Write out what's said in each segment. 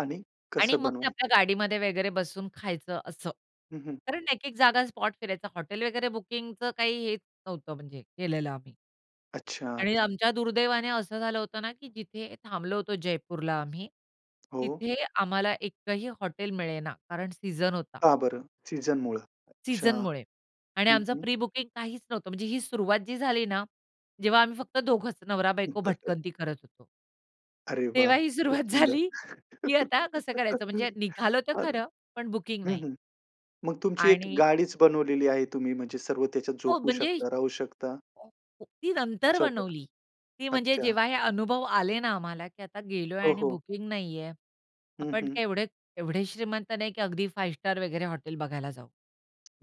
आणि आणि कसं मग ते बनवायचं? आपल्या गाडीमध्ये वगैरे बसून खायचं असं, हं, हं. कारण एक-एक जागा स्पॉट फिरायचा. हॉटेल वगैरे बुकिंगचं काही हेच नव्हतं म्हणजे केलेलं आम्ही. अच्छा, आणि अच्छा. आमच्या दुर्दैवाने असं झालं होतं ना, की जिथे थांबलो होतो जयपूरला आम्ही. हो. तिथे आम्हाला एकही हॉटेल मिळेना कारण सीझन होता. का बरं, सीझनमुळे? अच्छा. सीझनमुळे आणि हं, आमचं हं. प्री-बुकिंग काहीच नव्हतं. म्हणजे ही सुरुवात जी झाली ना, जेव्हा आम्ही फक्त दोघंच नवरा बायको भटकंती करत होतो. अरे वाह! तेव्हा ही खूप सुरुवात सुंदर. झाली की आता कसं करायचं, म्हणजे निघालो तर अ, खरं, पण बुकिंग हं, नाही. हं. मग तुमची एक आणि गाडीच बनवलेली आहे. तुम्ही म्हणजे सर्व त्याच्यात हो झोपू म्हणजे, शकता, राहू शकता. [unintelligible] ती नंतर स्वयंपाक. बनवली, ती म्हणजे अच्छा. जेव्हा हे अनुभव आले ना, आम्हाला की आता गेलोय हो, आणि हो. बुकिंग नाहीये. हं, आपण हं. काय एवढे एवढे श्रीमंत नाही की अगदी फाइव्ह स्टार वगैरे हॉटेल बघायला जाऊ.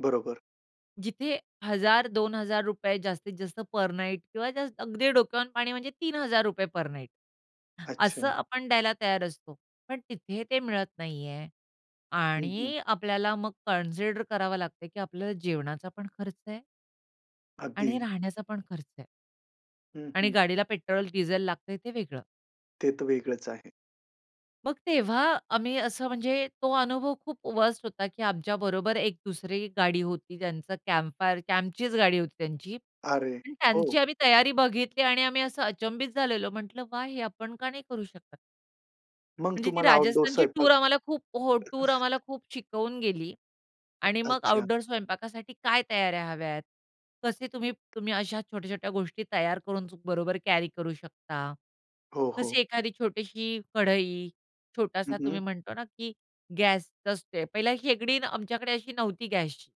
बरोबर. जिथे ₹1,000-2,000 जास्तीत-जास्त पर नाईट किंवा अगदी डोक्यावरून पाणी म्हणजे ₹3,000 पर नाईट असं अच्छा. आपण द्यायला तयार असतो. पण तिथे ते मिळत नाहीये. हं, हं. आणि आपल्याला मग कन्सीडर करावं लागत की आपलं जेवणाचा पण खर्च आहे. आणि अगदी. राहण्याचा पण खर्च आहे. हं, आणि हं. गाडीला पेट्रोल, डीझल लागतंय ते वेगळं. ते तर वेगळंच आहे. मग तेव्हा आम्ही असं म्हणजे तो अनुभव खूप वर्स्ट होता की आमच्याबरोबर एक 2री गाडी होती. त्यांचं कॅम्प फायर कॅम्पचीच गाडी होती त्यांची अरे, आणि हो. त्यांची आम्ही तयारी बघितली आणि आम्ही असं अचंबित झालेलो. म्हंटल वा! हे आपण का नाही करू शकत? मग म्हणजे ती तुम्हाला आउटडोर राजस्थानची टूअर स्वयंपाक, आम्हाला खूप हो, टूअर आम्हाला खूप शिकवून गेली अ, आणि मग अच्छा. आउटडोर स्वयंपाकासाठी काय तयाऱ्या हव्यात, कसे तुम्ही, तुम्ही अश्या छोट्या-छोट्या गोष्टी तयार करून चू बरोबर कॅरी करू शकता, हो, हो. कशी एखादी छोटीशी कढई, हं, छोटासा हं. तुम्ही म्हणतो ना की गॅस [unintelligible] पहिला शेगडी आमच्याकडे अशी नव्हती गॅसची.